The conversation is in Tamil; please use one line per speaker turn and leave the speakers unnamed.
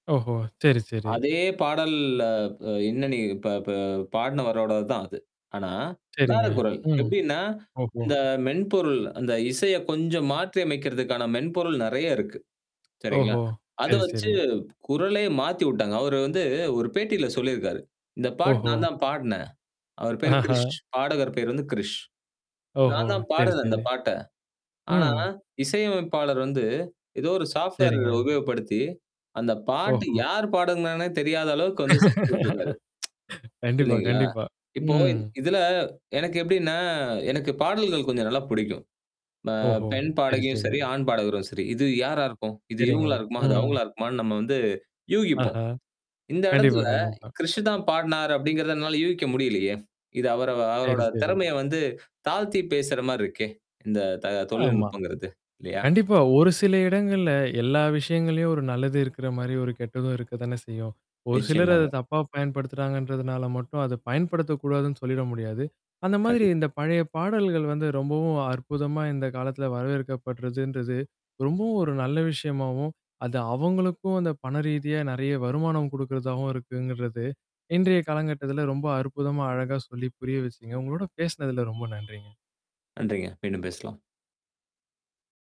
ஓஹோ! சேரி, சேரி.
அதே பாடல் அ என்னா நீ இப்ப ப பாடினவரோடது தான் அது. ஆனா, வேற
சேரிங்க.
குரல்.
ம்.
எப்படின்னா?
ஓஹோ!
இந்த மென்பொருள், அந்த இசைய கொஞ்சம் மாற்றியமைக்கிறதுக்கான மென்பொருள் நிறையா இருக்கு. சரிங்களா.
ஓஹோ!
அத
சேரி,
வச்சு
சேரி.
குரலே மாத்திவுட்டாங்க. அவரு வந்து ஒரு பேட்டியில சொல்லியிருக்காரு. இந்த பாட்டு
ஓஹோ!
நான் தான் பாடுனேன். அவர் பேரு
ஆஹா!
கிரிஷ் பாடகர் பேரு வந்து கிரிஷ்.
ஓஹோ!
நான் தான்
சேரி,
பாடுனேன் இந்த
சேரி.
பாட்ட, ஆனா,
ம்.
இசையமைப்பாளர் வந்து ஏதோ ஒரு சாஃப்ட்வேர்
சேரிங்க.
உபயோகப்படுத்தி, அந்த பாட்டு
ஓஹோ!
யார் பாடுனாங்கன்னே தெரியாத அளவுக்கு வந்து செஞ்சு விட்டுருக்காரு.
கண்டிப்பா,
இல்ங்களா?
கண்டிப்பா.
இப்போ
ம்.
இதுல, எனக்கு எப்டின்னா எனக்கு பாடல்கள் கொஞ்சம் நல்லா புடிக்கும். அ
ஓஹோ!
பெண்
சேரி,
பாடகியும் சேரி,
சேரிங்க.
ஆண் பாடகரும் சேரி. "இது யாரா இருக்கும்? இது
சேரிங்க.
இவுங்களா இருக்குமா? அது
ம்.
அவுங்களா இருக்குமா"ன்னு! நம்ம வந்து யூகிப்போம்.
ஆஹா!
இந்த
கண்டிப்பா,
எடத்துல,
கண்டிப்பா.
"கிரிஷுதான் பாடுனாரு" அப்டிங்கிறத என்னால யூகிக்க முடியலையே! இது அவரு அவரோட
சேரி, சேரி.
திறமைய வந்து தாழ்த்தி பேசுற மாரி இருக்கே! இந்த த
ஆமா.
தொழில்நுட்பங்கிறது, இல்லையா?
கண்டிப்பா. ஒரு சில இடங்கள்ல, எல்லா விஷயங்கள்லயும் ஒரு நல்லது இருக்கிற மாரி ஒரு கெட்டதும் இருக்க தானே செய்யும்! ஒரு சிலர் அத
நிச்சயமாங்க.
தப்பா பயன்படுத்துறாங்கன்றதுனால மட்டும் அத பயன்படுத்தக்கூடாதுன்னு சொல்லிட முடியாது. அந்த மாதிரி
கண்டிப்
இந்த பழைய பாடல்கள் வந்து, ரொம்பவும் அற்புதமா இந்த காலத்தில வரவேற்கப்படுறதுன்றது, ரொம்பவும் ஒரு நல்ல விஷயமாவும், அது அவங்களுக்கும், அந்த பண ரீதியா நிறையா வருமானம் குடுக்குறதாவும் இருக்குங்கறது, இன்றைய காலங்கட்டத்தில ரொம்ப அற்புதமா, அழகா சொல்லி புரிய வச்சீங்க. உங்களோட பேசினதில ரொம்ப நன்றிங்க.
நன்றிங்க. மீண்டும் பேசலாம்.